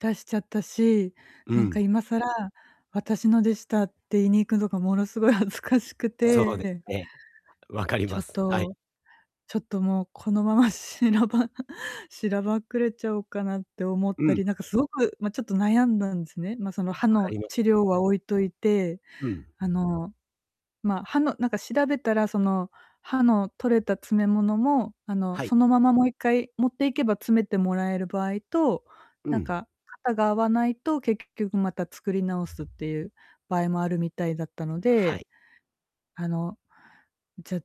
出しちゃったし、うなんかん。今更、私のでしたって言いに行くのがものすごい恥ずかしくそうですて。ね。分かりちょまっす。はい。と、ちょっともうこのまましなばしらばっくれちゃおうかなって思っうたん。り、なんか凄く、ま、ちょっと悩んだんすね。ま、その歯分かのります治療よ。は置いといて、うん。あの、ま、歯のなんか調べたら、その、歯の取れた詰め物も、あの、はい。そのままもう一回持っていけば詰めてもらえる場合と、うなんん。か型が合わないと、結局また作り直すっていう場合もあるみたいだったのはで、い。あの、じゃ、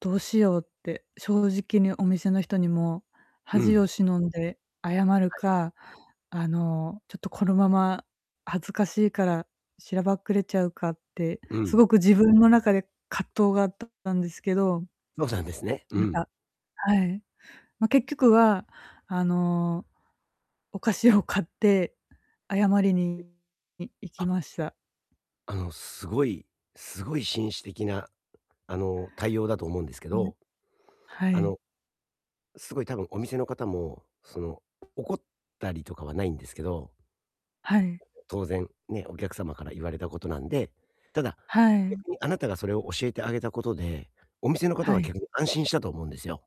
どうしようって、正直にお店の人にも、う恥をん。忍んで謝るはい。か、あの、ちょっとこのまま、恥ずかしいから、しらばっくれちゃうかって、うすん。ごく自分の中で葛藤があったんですけどのなんですね。うまん。た、はい。ま、結局は、あの、お菓子を買って、謝りにい行きあ。ました。あの、すごいすごい紳士的な、あの、対応だと思うんですけうん。ど。はあい。の、すごい多分お店の方も、その、怒ったりとかはないんですけど。はい。当然、ね、お客様から言われたことなんで。ただ、はい。逆にあなたがそれを教えてあげたことで、お店の方ははい。逆に安心したと思うんですよ。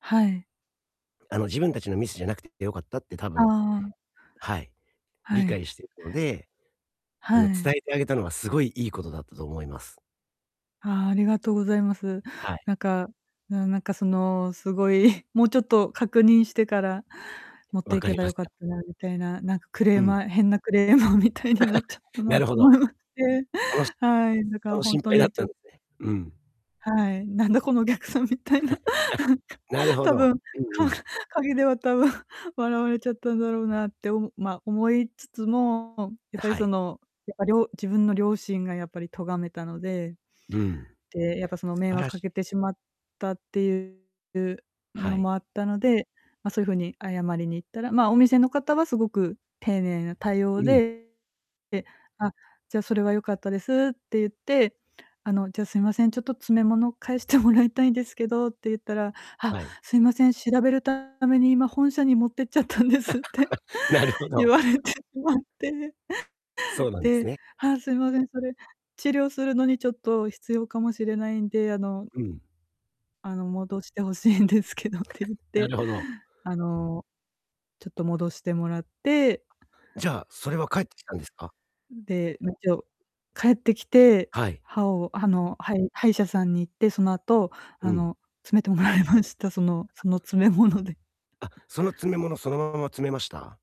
はい。あの、自分たちのミスじゃなくて良かったって多あ分あ。はい、は理い。解してるので、あはの、伝い。えてあげたのはすごいいいことだったと思います。あ、ありがとうございます。はい。なんか、なんなんか、その、すごい、もうちょっと確認してから持っ分ていかけりばまよすかっよ。たなみたいな、なんかクレうーん。マー変なクレーマーみたいになっちゃった ななるとほど。思いまて。あの、しはい、だかあらの、ほん心と配だっにちたんょすね。うん。はい、なんだこのぎゃくさんみたいな。なるほ多ど。分、うかんうん。陰では多分、笑われちゃったんだろうなっておま、思いつつも、やっあ、ぱりはそい。の、やっぱりょ自分の良心がやっぱり咎めたので。うん。で、やっぱその素迷晴ら惑かしけてしまったっていうはのもい。あったので、ま、そういう風に謝りに行ったら、ま、お店の方はすごく丁寧な対う応ん。で、で「あ、じゃ、それは良かったです」って言って「あの、じゃ、すいません、ちょっと詰め物返してもらいたいんですけど」って言ったら「あっ、はい。すいません、調べるために今本社に持ってっちゃったんです」って、なるほ言ど。われてしまってそうなんですでね。「あ、すいません、それ治療するのにちょっと必要かもしれないんで、あの」うん。「あの、戻して欲しいんですけど」って言っなて、るほど。あの、ちょっと戻してもらってじゃあ、それは返ってきたんですか？うん、で、一応返ってきて、はい。歯を歯の歯医歯医者さんに行って、その後、うあん。の、詰めてもらいました。そのあ。その詰め物で。あ、その詰め物、そのまま詰めました？